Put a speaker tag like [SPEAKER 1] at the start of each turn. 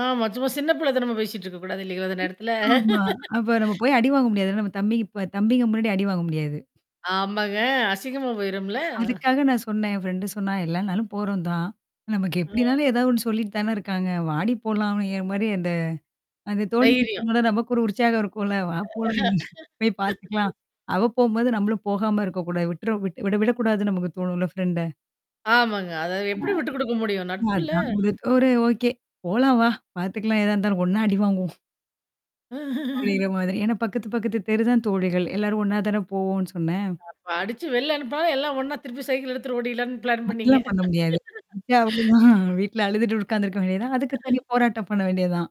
[SPEAKER 1] ஆமா. சும்மா சின்ன புள்ள தனமா பேசிட்டு இருக்கக்கூடாது [unintelligible] நேரத்துல.
[SPEAKER 2] ஆமா. அப்ப நம்ம போய் அடி வாங்க முடியாதுல்ல, நம்ம தம்பி தம்பிங்க முன்னாடி அடி வாங்க முடியாது.
[SPEAKER 1] ஆமாங்க. அசிங்கமா போயிரும்ல.
[SPEAKER 2] அதுக்காக நான் சொன்னன் என் ஃப்ரெண்ட சொன்னா எல்லா நாளும் போறோம் தான். நமக்கு
[SPEAKER 1] ஆ.
[SPEAKER 2] எப்டினாலும் ஏதாவது ஒண்ணு சொல்லிட்டு தானே இருக்காங்க. வாடி போலாம், அப்டிங்கிற மாரி அந்த அந்த தோழி
[SPEAKER 1] தைரியம்.
[SPEAKER 2] [unintelligible] நமக்கு ஒரு உற்சாகம் இருக்கும் இல்ல? வா போல போய் பார்த்துக்கலாம். அவ போம்போது, நம்மளும் போகாம இருக்கக்கூடாது. விட்ற விட் விட விடக்கூடாதுன்னு நமக்கு தோணும்ல ஃப்ரெண்ட.
[SPEAKER 1] ஆமாங்க. அதாவது
[SPEAKER 2] ஆ.
[SPEAKER 1] எப்படி விட்டு குடுக்க முடியும்? நட்புல.
[SPEAKER 2] அதான் முடித் ஒரு ஓகே போலாம் வா. பாத்துக்கலாம் எதா இருந்தாலும். ஒண்ணா அடிவாங்குவோம். அப்படிங்கிற மாதிரி. ஏன்னா பக்கத்து பக்கத்து தெருதான் தோழிகள். எல்லாரும் ஒண்ணா தான போவோன்னு சொன்னேன்.
[SPEAKER 1] அ படிச்சு வெல்ல அனுப்புனா எல்லாம் ஒண்ணா திருப்பி சைக்கிள் எடுத்துட்டு ஓடிரலான்னு பிளான் பண்ணீங்க.
[SPEAKER 2] அதெல்லாம் பண்ண முடியாது. இப்பயே அவ்ளோதான். வீட்ல அழுதுட்டு உட்கார்ந்துருக்க வேண்டியதுதான். அதுக்கு தனி போராட்டம் பண்ண வேண்டியதுதான்.